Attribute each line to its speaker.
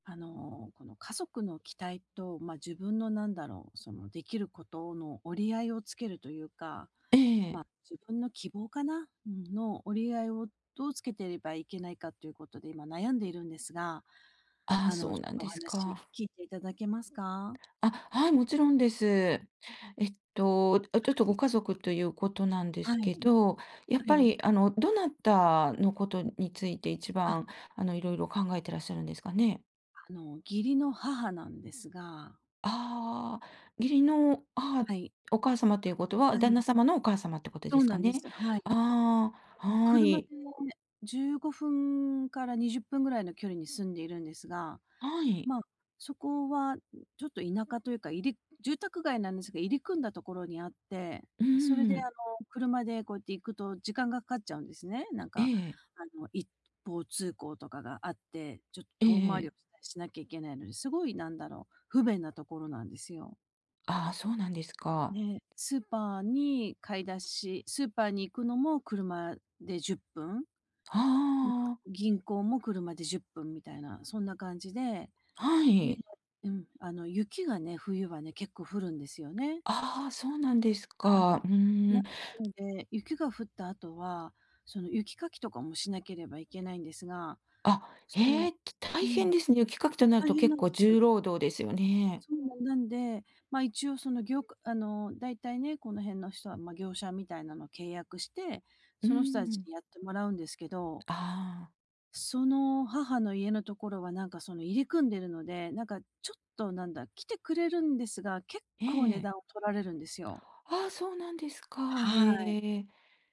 Speaker 1: あの、この、家族の期待と、まあ、自分のなんだろう、そのできることの折り合いをつけるというか
Speaker 2: ええ。
Speaker 1: まあ、自分の希望かな。うん、の折り合いをどうつけていればいけないかということで、今悩んでいるんですが、
Speaker 2: ああ、
Speaker 1: あの、
Speaker 2: そ
Speaker 1: ち
Speaker 2: う
Speaker 1: ょっ
Speaker 2: なん
Speaker 1: とお
Speaker 2: です
Speaker 1: 話
Speaker 2: か。
Speaker 1: 聞いていただけますか？
Speaker 2: あ、はい。もちろんです。えっと、あ、ちょっと
Speaker 1: は
Speaker 2: ご
Speaker 1: い。
Speaker 2: 家族ということなんで
Speaker 1: は
Speaker 2: すけ
Speaker 1: い。
Speaker 2: ど、やっ
Speaker 1: は
Speaker 2: ぱ
Speaker 1: い。
Speaker 2: り、あの、どなたのことについて一
Speaker 1: あ。
Speaker 2: 番、あの、いろいろ考えてらっしゃるんですかね？
Speaker 1: あの、義理の母なんですが。
Speaker 2: ああ。義理の母
Speaker 1: はい。
Speaker 2: お義母様ということは
Speaker 1: は
Speaker 2: 旦那
Speaker 1: い。
Speaker 2: 様のお母様ってこと
Speaker 1: そ
Speaker 2: で
Speaker 1: う
Speaker 2: す
Speaker 1: な
Speaker 2: か
Speaker 1: んで
Speaker 2: ね。
Speaker 1: す、はい。
Speaker 2: ああ、
Speaker 1: あの
Speaker 2: は
Speaker 1: 車で
Speaker 2: い。
Speaker 1: 15分から20分ぐらいの距離に住んでいるんですが、
Speaker 2: はい。
Speaker 1: まあ、そこは、ちょっと田舎というか、いり住宅街なんですが、入り組んだところにあって。
Speaker 2: う
Speaker 1: それ
Speaker 2: ー
Speaker 1: であ
Speaker 2: ん。
Speaker 1: の、車でこうやって行くと時間が掛かっちゃうんですね。なん
Speaker 2: え
Speaker 1: か、
Speaker 2: え。
Speaker 1: あの、一方通行とかがあって、ちょっ
Speaker 2: え
Speaker 1: と遠回り
Speaker 2: え。
Speaker 1: をしたりしなきゃいけないので、すごいなんだろう。不便なところなんですよ。
Speaker 2: ああ、そうなんですか。
Speaker 1: ね。スーパーに買い出しスーパーに行くのも車で10分。
Speaker 2: は
Speaker 1: まあ、
Speaker 2: あ。
Speaker 1: 銀行も車で10分みたいな、そんな感じで。
Speaker 2: は
Speaker 1: で
Speaker 2: い。
Speaker 1: うん。あの、雪がね、冬はね、結構降るんですよね。
Speaker 2: ああ、そうなんです
Speaker 1: は
Speaker 2: か。
Speaker 1: い。
Speaker 2: う
Speaker 1: な
Speaker 2: ーん。
Speaker 1: んで、雪が降った後は、その雪かきとかもしなければいけないんですが、
Speaker 2: あ、
Speaker 1: そ
Speaker 2: へ
Speaker 1: の
Speaker 2: え。
Speaker 1: う
Speaker 2: 大変
Speaker 1: ん。
Speaker 2: ですね。雪かきとなる
Speaker 1: 大
Speaker 2: と
Speaker 1: 変
Speaker 2: 結
Speaker 1: なん
Speaker 2: 構
Speaker 1: です。
Speaker 2: 重労働ですよね？
Speaker 1: そう。なんで、まあ一応そのぎょうかあの、大体ね、この辺の人は、まあ、業者みたいなのを契約して、
Speaker 2: うー
Speaker 1: その人たち
Speaker 2: ん。
Speaker 1: にやってもらうんですけど。
Speaker 2: ああ。
Speaker 1: その母の家のところはなんかその、入り組んでるので、なんかちょっと、なんだ、来てくれるんですが、結
Speaker 2: え
Speaker 1: 構
Speaker 2: え
Speaker 1: 値
Speaker 2: ええ。
Speaker 1: 段を取られるんですよ。
Speaker 2: ああ、そうなんですか。
Speaker 1: はい。
Speaker 2: へえ。